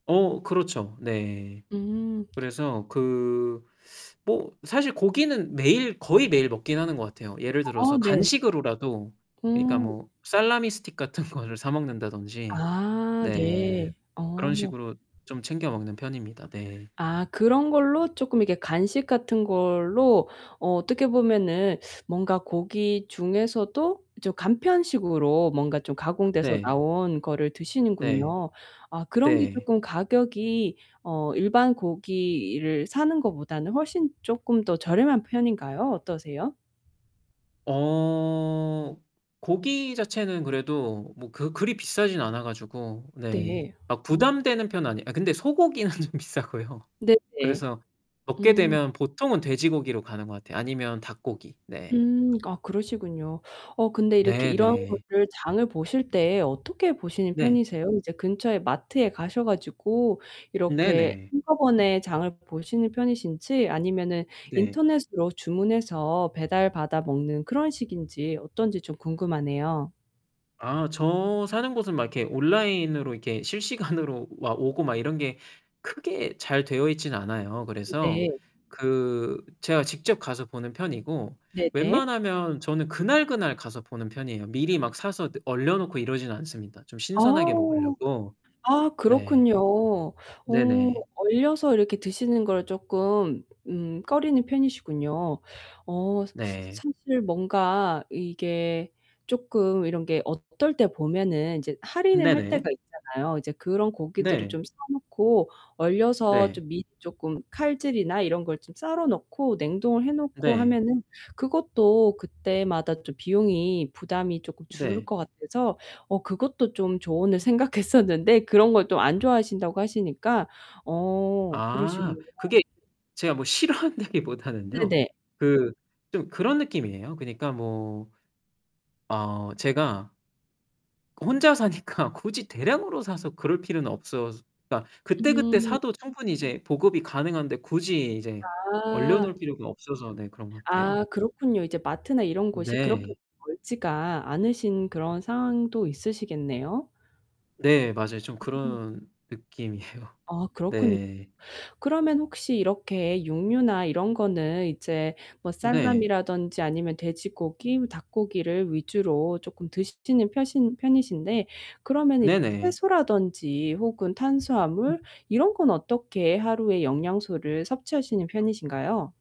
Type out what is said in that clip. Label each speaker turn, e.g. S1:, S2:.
S1: 어 그렇죠. 네.
S2: 음.
S1: 그래서 그 뭐 사실 고기는 매일 거의 매일 먹기는 하는 것 같아요. 예를
S2: 어
S1: 들어서
S2: 네.
S1: 간식으로라도 그러니까
S2: 음.
S1: 뭐 salami stick 같은 거를 사 먹는다든지
S2: 아
S1: 너
S2: 네.
S1: 그런
S2: 어.
S1: 식으로 좀 챙겨 먹는 편입니다. 네.
S2: 아 그런 걸로 조금 이렇게 간식 같은 걸로 어 어떻게 보면은 뭔가 고기 중에서도 좀 간편식으로 뭔가 좀 가공돼서
S1: 네.
S2: 나온 거를
S1: 네.
S2: 드시는군요. 아 그런 게
S1: 네.
S2: 조금 가격이 어 일반 고기를 사는 것보다는 훨씬 조금 더 저렴한 편인가요? 어떠세요?
S1: 어. 고기 자체는 그래도 뭐 그 그리 비싸진 않아 가지고. 네.
S2: 네.
S1: 아
S2: 음.
S1: 부담되는 편은 아니에요. 아 근데 소고기는 좀 비싸고요.
S2: 네네.
S1: 그래서 먹게
S2: 음.
S1: 되면 보통은 돼지고기로 가는 것 같아요. 아니면 닭고기. 네.
S2: 음 아 그러시군요. 어 근데 이렇게 이런
S1: 네네.
S2: 것들 장을 보실 때 어떻게 보시는
S1: 네.
S2: 편이세요? 이제 근처에 마트에 가셔 가지고 이렇게
S1: 네네.
S2: 한꺼번에 장을 보시는 편이신지 아니면은
S1: 네.
S2: 인터넷으로 주문해서 배달받아먹는 그런 식인지 어떤지 좀 궁금하네요.
S1: 아 저 사는 곳은 막 이렇게 온라인으로 이렇게 실시간으로 막 오고 막 이런 게 크게 잘 되어있지는 않아요. 그래서
S2: 네.
S1: 그 제가 직접 가서 보는 편이고
S2: 네네.
S1: 웬만하면 저는 그날그날 가서 보는 편이에요. 미리 막 사서 너 얼려놓고 이러진 않습니다. 좀
S2: 아.
S1: 신선하게 먹으려고.
S2: 아
S1: 네.
S2: 그렇군요. 어
S1: 네네.
S2: 얼려서 이렇게 드시는 걸 조금 음 꺼리는 편이시군요. 어 스
S1: 네.
S2: 사실 뭔가 이게 조금 이런 게 어떨 때 보면은 이제 할인을 할
S1: 네네.
S2: 때가 있잖아요. 이제 그런 고기들을
S1: 네.
S2: 좀 사 놓고 얼려서
S1: 네.
S2: 좀 밑 조금 칼질이나 이런 걸 좀 썰어 놓고 냉동을 해 놓고
S1: 네.
S2: 하면은 그것도 그때마다 좀 비용이 부담이 조금 줄을
S1: 네.
S2: 것 같아서 어 그것도 좀 조언을 생각했었는데 그런 걸 또 안 좋아하신다고 하시니까 어 그러시군요.
S1: 아. 그게 제가 뭐 싫어한다기보다는요.
S2: 네네.
S1: 그 좀 그런 느낌이에요. 그니까 뭐 어 제가 그 혼자 사니까 굳이 대량으로 사서 그럴 필요는 없어서. 그러니까 그때그때
S2: 음.
S1: 사도 충분히 이제 보급이 가능한데 굳이 이제
S2: 아.
S1: 얼려놓을 필요가 없어서 네 그런 것 같아요.
S2: 아 그렇군요. 이제 마트나 이런 곳이 그렇게
S1: 네.
S2: 멀지가 않으신 그런 상황도 있으시겠네요?
S1: 네 맞아요. 좀
S2: 음.
S1: 그런 느낌이에요.
S2: 아 그렇군요.
S1: 네.
S2: 그러면 혹시 이렇게 육류나 이런 거는 이제 뭐
S1: 네.
S2: 살라미라든지 아니면 돼지고기 닭고기를 위주로 조금 드시는 펴신 편이신데 그러면 이제
S1: 네네.
S2: 채소라든지 혹은 탄수화물 이런 건 어떻게 하루에 영양소를 섭취하시는 편이신가요?